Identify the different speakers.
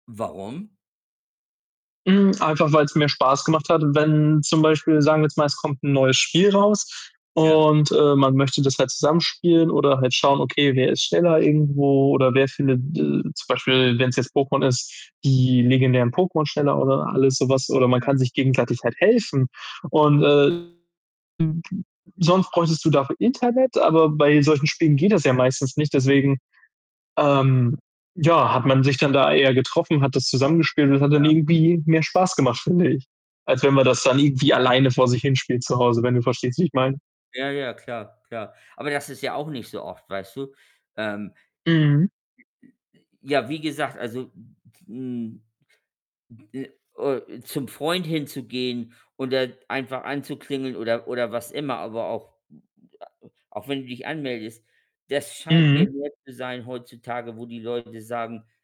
Speaker 1: Warum?
Speaker 2: Hm, einfach weil's mir Spaß gemacht hat, wenn zum Beispiel sagen wir jetzt mal, es kommt 'n neues Spiel raus
Speaker 1: Ja.
Speaker 2: und, äh, man möchte das halt zusammen spielen oder halt schauen, okay, wer ist schneller irgendwo oder wer findet de zum Beispiel, wenn's jetzt Pokémon ist, die legendären Pokémon schneller oder alles so was, oder man
Speaker 1: Ja.
Speaker 2: kann sich gegenseitig halt helfen und, äh, [unintelligible] sonst bräuchtest du dafür Internet, aber bei solchen Spielen geht das ja meistens nicht, deswegen, ähm, ja, hat man sich dann da eher getroffen, hat das zusammengespielt und es hat dann
Speaker 1: Ja.
Speaker 2: irgendwie mehr Spaß gemacht, finde ich, als wenn man das dann irgendwie alleine vor sich hin spielt zu Hause, wenn du verstehst, wie ich meine.
Speaker 1: Ja, ja, klar, klar. Aber das ist ja auch nicht so oft, weißt du? Ähm, j j j
Speaker 2: Mhm.
Speaker 1: j ja, wie gesagt, also, m m hm, äh, o zum Freund hinzugehen und da einfach anzuklingeln oder oder was immer, aber auch m m a auch wenn du dich anmeldest, das scheint mir
Speaker 2: Mhm.
Speaker 1: mehr zu sein heutzutage, wo die Leute sagen